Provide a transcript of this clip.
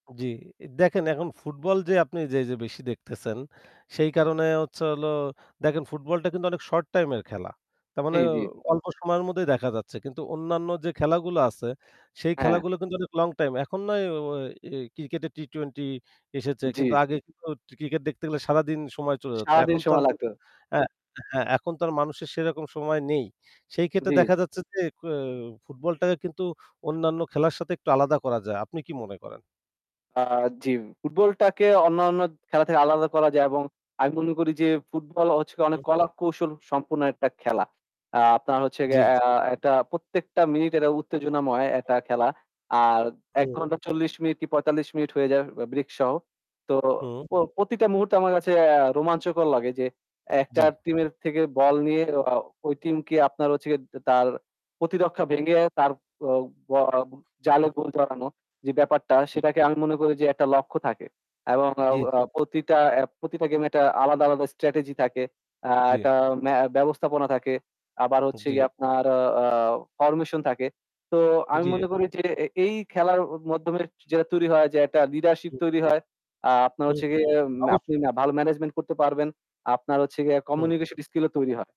জি, দেখেন এখন ফুটবল যে আপনি যে, যে, বেশি দেখতেছেন সেই কারণে হচ্ছে হলো দেখেন ফুটবলটা কিন্তু অনেক short time এর খেলা। তার জি, মানে জি। অল্প সময়ের মধ্যেই দেখা যাচ্ছে। কিন্তু অন্যান্য যে খেলাগুলো আছে সেই হ্যাঁ। খেলাগুলো কিন্তু অনেক long time। এখন না এ ওয় এ ক্রিকেটে T20 এসেছে কিন্তু জি। আগে [unintelligible] ক্রিকেট দেখতে গেলে সারাদিন সময় চলে যেত। সারা দিন এখন তো আর সময় লাগতো। এ্যা হ্যাঁ, এখন তো আর মানুষের সেরকম সময় নেই। সেই ক্ষেত্রে জি। দেখা যাচ্ছে যে কেও ফুটবলটাকে কিন্তু অন্যান্য খেলার সাথে একটু আলাদা করা যায়। আপনি কি মনে করেন? আ জি। ফুটবলটাকে অন্য, অন্য খেলা থেকে আলাদা করা যায় এবং আমি মনে করি যে ফুটবল হচ্ছে অনেক [unintelligible] কলাকৌশল সম্পন্ন একটা খেলা। আ আপনার হচ্ছে জি, গিয়ে আ জি। এটা প্রত্যেকটা মিনিট এটা উত্তেজনাময় একটা খেলা। আর এক হুম। ঘণ্টা চল্লিশ মিনিট কি ৪৫ মিনিট হয়ে যায় break সহ। তো হুম। প্র প্রতিটা মুহূর্ত আমার কাছে আ রোমাঞ্চকর লাগে যে, একটা জি। টিমের থেকে ball নিয়ে ওয়া ওই টিমকে আপনার হচ্ছে গে তার প্রতিরক্ষা ভেঙে তার ও ওয়া জালে [unintelligible] গোল জমানো যে ব্যাপারটা হু। সেটাকে আমি মনে করি যে একটা লক্ষ্য থাকে এবং জি, আ জি। আ প্রতিটা, এ্যা প্রতিটা game একটা আলাদা, আলাদা, strategy থাকে, আ জি। একটা না ব্যবস্থাপনা থাকে। আবার হচ্ছে জি। গিয়ে আপনার আ formation থাকে। তো আমি জি। মনে করি যে, এই খেলার মাধ্যমে যেটা তৈরি হয় যে একটা leadership হু। তৈরি হয়, আ আপনার হু, হচ্ছে হু, গিয়ে অবশ্যই। আপনি না ভালো management করতে পারবেন, আপনার হচ্ছে গিয়ে হুম। communication skill ও তৈরি হয়।